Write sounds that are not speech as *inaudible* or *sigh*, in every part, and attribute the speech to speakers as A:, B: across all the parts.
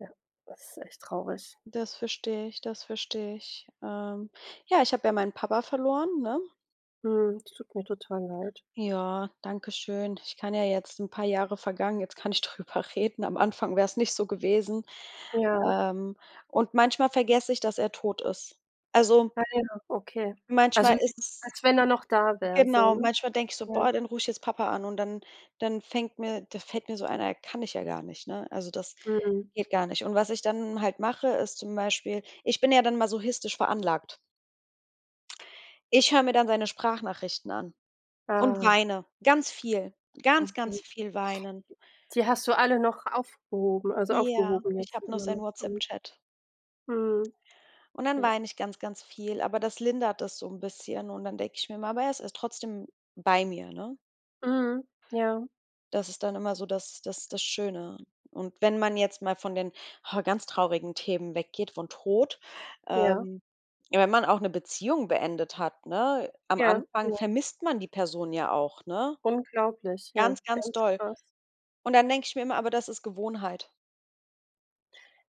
A: Ja, das ist echt traurig.
B: Das versteh ich, das versteh ich. Ähm, ja, ich hab ja meinen Papa verloren, ne?
A: Mhm, das tut mir total leid.
B: Ja, danke schön. Ich kann ja jetzt 'n paar Jahre vergangen, jetzt kann ich drüber reden. Am Anfang wäre es nicht so gewesen.
A: Ja.
B: Ähm, und manchmal vergesse ich, dass er tot ist. Also
A: *unintelligible* Okay, also,
B: manchmal
A: *unintelligible*
B: ist es
A: als wenn er noch da wär so,
B: Genau,
A: ne?
B: manchmal denke ich so:
A: Ja.
B: „Boah, dann ruf ich jetzt Papa an”, und dann dann fängt mir da fällt mir so ein: „Ja kann ich ja gar nicht”, ne? Also, das
A: Mhm.
B: geht gar nicht. Und was ich dann halt mache, ist zum Beispiel, ich bin ja dann masochistisch veranlagt. Ich höre mir dann seine Sprachnachrichten an und
A: Ah.
B: weine, ganz viel. Ganz,
A: Okay.
B: ganz
A: D
B: viel weinen.
A: die hast du alle noch aufgehoben, also
B: Ja,
A: aufgehoben
B: ich
A: jetzt
B: hab noch
A: immer
B: seinen
A: noch? Mhm.
B: Whatsapp-Chat.
A: Mhm.
B: Und dann
A: Ja.
B: weine ich ganz, ganz viel, aber das lindert das so 'n bisschen. Und dann denke ich mir immer, aber er is er ist trotzdem bei mir, ne?
A: Mhm. Ja.
B: Das ist dann immer so das das das Schöne. Und wenn man jetzt mal von den ganz traurigen Themen weggeht, von Tod,
A: Ja.
B: ähm, ja, wenn man auch 'ne Beziehung beendet hat, ne? Am
A: Ja,
B: Anfang
A: ja.
B: vermisst man die Person ja auch, ne?
A: Unglaublich. Ja,
B: Ganz, ganz
A: ganz
B: doll.
A: krass.
B: Und dann denke ich mir immer: „Aber das ist Gewohnheit.“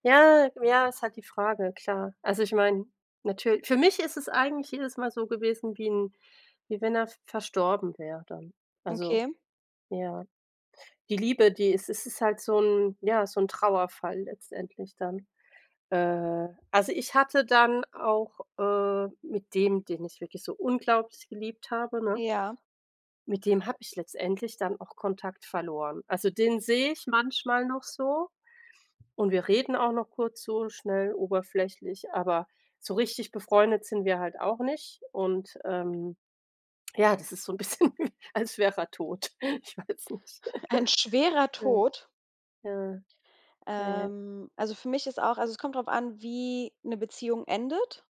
A: Ja, ja. Ist halt die Frage, klar. Also ich meine, natür für mich ist es eigentlich jedes Mal so gewesen, wie 'n wie wenn er v verstorben wäre dann. Also,
B: Okay.
A: ja. Die Liebe, die es es ist halt so 'n ja, so 'n Trauerfall letztendlich dann. Äh, also ich hatte dann auch, äh, mit dem, den ich wirklich so unglaublich geliebt habe, ne?
B: Ja.
A: Mit dem habe ich letztendlich dann auch Kontakt verloren. Also, den sehe ich manchmal noch so, und wir reden auch noch kurz so schnell oberflächlich, aber so richtig befreundet sind wir halt auch nicht, und, ähm, ja, das ist so 'n bisschen, als wär er tot. Ich weiß nicht.
B: *chuckles* Ein schwerer
A: *laughs* Ja.
B: Tod?
A: Ja. Ja.
B: Ähm, also für mich ist auch also es kommt drauf an, wie 'ne Beziehung endet.